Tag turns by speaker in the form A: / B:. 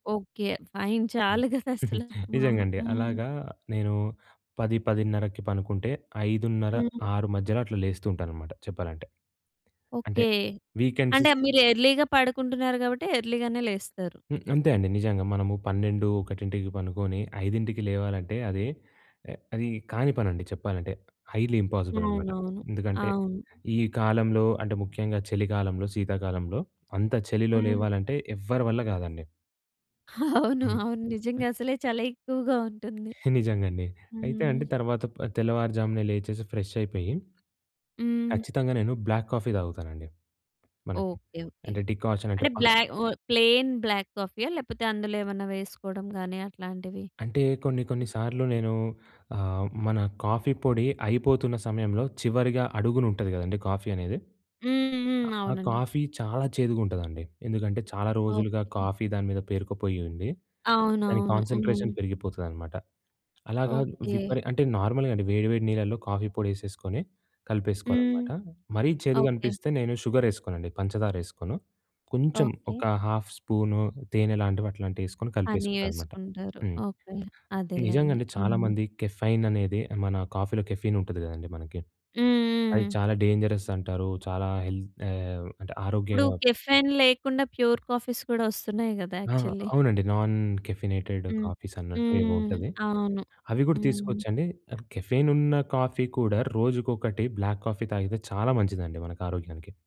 A: Okay. Fine. చాలు కదా! అసలు. మా
B: నిజంగా అండి.
A: హ్మ్.
B: అలాగా నేను 10, 10:30కి పనుకుంటే ఐదున్నర
A: హ్మ్.
B: ఆరు మధ్యలో అట్లా, లేస్తూ ఉంటాననమాట చెప్పాలంటే. అంటే
A: ఓకే.
B: వీకెండ్స్
A: అంటే మీరు ఎర్లీ‌గా పడుకుంటున్నారు కాబట్టి, ఎర్లీ‌గానే లేస్తారు.
B: హు. అంతే అండి నిజంగా. మనము 12, 1కి పనుకొని 5కి లేవాలంటే అది, అది కాని పనండి చెప్పాలంటే. హైలీ ఇంపాసిబుల్ అనమాట.
A: అవునవును.
B: ఎందుకంటే,
A: అవును.
B: ఈ కాలంలో అంటే, ముఖ్యంగా చలి కాలంలో, శీతాకాలంలో, అంత చలిలో
A: హ్మ్.
B: లేవాలంటే ఎవ్వరి వల్ల కాదండి.
A: అవును.
B: హ్మ్.
A: అవును. నిజంగా అసలే చాలా ఎక్కువగా ఉంటుంది.
B: నిజంగా అండి. అయితే అండి,
A: హ్మ్.
B: తర్వాత ప తెల్లవారుజామునే లేచేసి, ఫ్రెష్ అయిపోయి
A: హ్మ్.
B: కచ్చితంగా నేను, బ్లాక్ కాఫీ తాగుతానండి. మనకి
A: ఓకే. ఓకే.
B: అంటే డికాషన్ అంటే
A: అంటే
B: ప
A: బ్లా ఆహ్, ప్లెయిన్ బ్లాక్ కాఫీ ఆ? లేకపోతే అందులో ఏమన్నా వేసుకోవడం గాని అట్లాంటివి.
B: అంటే కొన్ని, కొన్ని సార్లు నేను ఆహ్, మన కాఫీ పొడి అయిపోతున్న సమయంలో, చివరిగా అడుగున ఉంటది కదండీ! కాఫీ అనేది!
A: హ్మ్, హ్మ్.
B: ఆ
A: అవునండి.
B: కాఫీ చాలా చేదుగుంటదండి. ఎందుకంటే చాలా రోజులుగా
A: ఓకే.
B: కాఫీ దాని మీద పేరుకుపోయి ఉండి, దాని
A: అవునవును. హ్మ్.
B: కాన్సంట్రేషన్ పెరిగిపోతదనమాట. అలాగా
A: ఓకే.
B: విపరి అంటే నార్మల్‌గా అండి వేడి, వేడి నీళ్లలో కాఫీ పొడి ఏసేసుకొని, కలిపేసుకోవాలి
A: హ్మ్.
B: అనమాట. మరీ చేదుగ
A: ఓకే.
B: అనిపిస్తే నేను షుగర్ ఏసుకోనండి. పంచదార ఏసుకోను. కొంచెం
A: ఓకే.
B: ఒక హాఫ్ స్పూను తేనె లాంటివి, అట్లాంటివి, ఏసుకొని
A: అన్నీ
B: కలిపేసుకుంటానన్నమాట.
A: ఏసుకుంటారు.
B: హ్మ్.
A: ఓకే.
B: నిజంగా
A: అదేలెండి.
B: అండి, చాలా
A: హ్మ్.
B: మంది కెఫైన్ అనేదే, మన కాఫీలో కెఫీన్ ఉంటది కదండీ! మనకి.
A: హ్మ్,
B: అది
A: హ్మ్.
B: చాలా డేంజరస్ అంటారు. చాలా హెల్త్ ఆహ్, అంటే
A: ఇప్పుడు
B: ఆరోగ్యంగా
A: కెఫైన్ లేకుండా, ప్యూర్ కాఫీస్ కూడా వస్తున్నాయి కదా!
B: ఆ!
A: యాక్చువల్లీ.
B: అవునండి. నాన్ కెఫినేటెడ్
A: హ్మ్.
B: కాఫీస్ అన్నట్టు
A: హ్మ్,
B: ఏవో
A: హ్మ్.
B: ఉంటది.
A: అవును.
B: అవి కూడా
A: హ్మ్.
B: తీసుకోవచ్చండి. కెఫెన్ ఉన్న కాఫీ కూడా, రోజుకొకటి బ్లాక్ కాఫీ తాగితే, చాలా మంచిదండి మనకు ఆరోగ్యానికి.